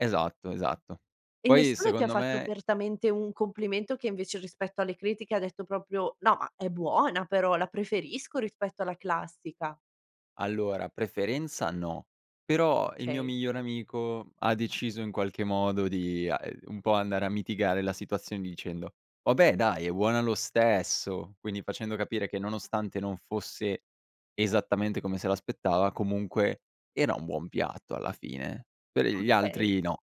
Esatto, esatto. E Poi nessuno ti ha secondo fatto me apertamente u un complimento che invece rispetto alle critiche ha detto proprio: "No, ma è buona però, la preferisco rispetto alla classica?" Allora, preferenza no, però il mio Okay. migliore amico ha deciso in qualche modo di, uhm, ehm, un po' andare a mitigare la situazione dicendo: "Vabbè dai è buona lo stesso!". Quindi facendo capire che nonostante non fosse esattamente come se l'aspettava, comunque era un buon piatto alla fine. Per gli Okay. altri no.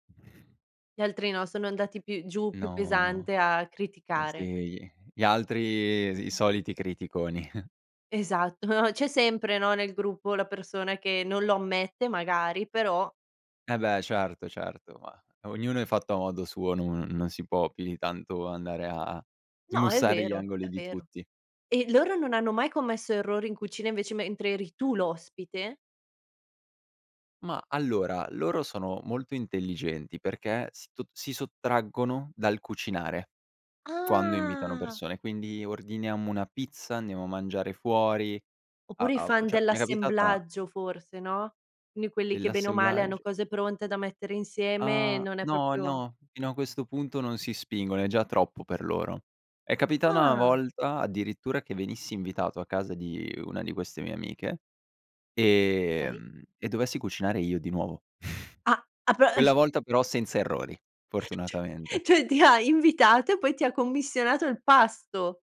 Gli altri no, sono andati più giù più No, no. pesante a Eh sì criticare. gli gli altri, i soliti criticoni. Esatto, no, c'è sempre, no, nel gruppo la persona che non lo ammette magari, però Eh beh certo, certo, ma ognuno è fatto a modo suo, no non si può più di tanto andare a No, è smussare gli vero, è angoli di vero. tutti. E loro non hanno mai commesso errori in cucina invece mentre eri tu l'ospite? Ma allora, loro sono molto intelligenti perché si to si sottraggono dal cucinare quando invitano Ah! persone. Quindi ordiniamo una pizza, andiamo a mangiare fuori, a Oppure i a o fan cioè mi è capitata dell'assemblaggio forse, no? Quindi quelli che bene o male hanno Dell'assemblaggio cose pronte da mettere insieme, Ah, non è no, proprio no, fino a questo punto non si spingono, è già troppo per loro. È capita una Ah! volta addirittura che venissi invitato a casa di una di queste mie amiche Okay. ehm, e dovessi cucinare io di nuovo. Ah ah pe es Quella volta però senza errori, fortunatamente. Cioè ti ha invitato e poi ti ha commissionato il pasto.